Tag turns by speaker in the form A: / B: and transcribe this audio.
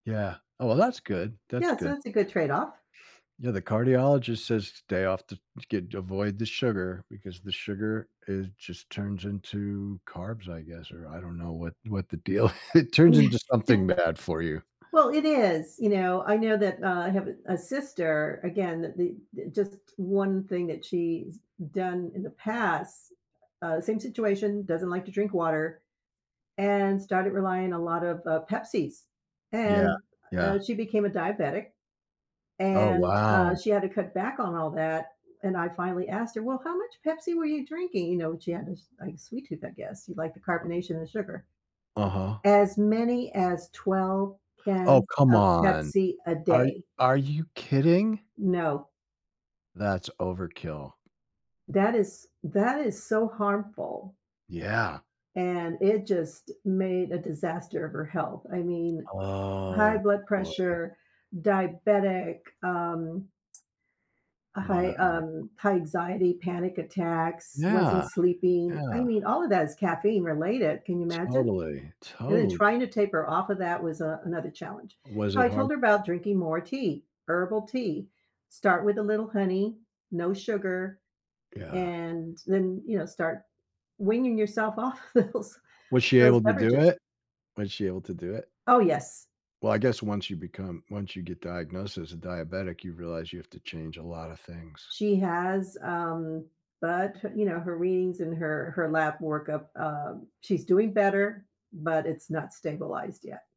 A: Yeah, oh well, that's good, that's
B: Yeah, so
A: good.
B: it's a good trade-off.
A: Yeah, the cardiologist says stay off the to get avoid the sugar because the sugar is just turns into carbs, I guess? Or, I don't know what what the deal it turns into something bad for you.
B: Well, it is, you know, I know that, uh I have a sister again, that the just one thing that she's done in the past uh, same situation, doesn't like to drink water. And started relying a lot of, uh, Pepsi's,
A: Yeah,
B: and, uh,
A: yeah.
B: she became a diabetic.
A: Oh
B: And, uh,
A: wow.
B: she had to cut back on all that, and I finally asked her, "Well, how much Pepsi were you drinking?" You know, she had this, like, sweet tooth, I guess, you like the carbonation and sugar.
A: Uh-huh.
B: As many as 12
A: Oh,
B: cans
A: come
B: of
A: on.
B: Pepsi a
A: Are
B: day.
A: are you kidding?
B: No.
A: That's overkill.
B: That is that is so harmful.
A: Yeah.
B: And it just made a disaster of her health, I mean, high
A: Oh,
B: blood
A: boy.
B: pressure, diabetic, um uh, high,
A: Wow.
B: um high anxiety, panic attacks, wasn't
A: Yeah,
B: sleeping, I
A: yeah.
B: mean, all of that is caffeine related, can you imagine?
A: Totally,
B: And then
A: total
B: trying to taper off of that was, uh, another challenge,
A: Was
B: so
A: it
B: I told
A: hard?
B: her about drinking more tea herbal tea. Start with a little honey, no sugar,
A: Yeah.
B: and then, you know, start weaning yourself off of those
A: Was she
B: those
A: able to do
B: beverages.
A: it? Was she able to do it?
B: Oh yes.
A: Well, I guess once you become once you get diagnosed as a diabetic, you realize you have to change a lotta things.
B: She has, um, but, you know, her readings and her her lab workup, um, she's doing better, but it's not stabilized yet.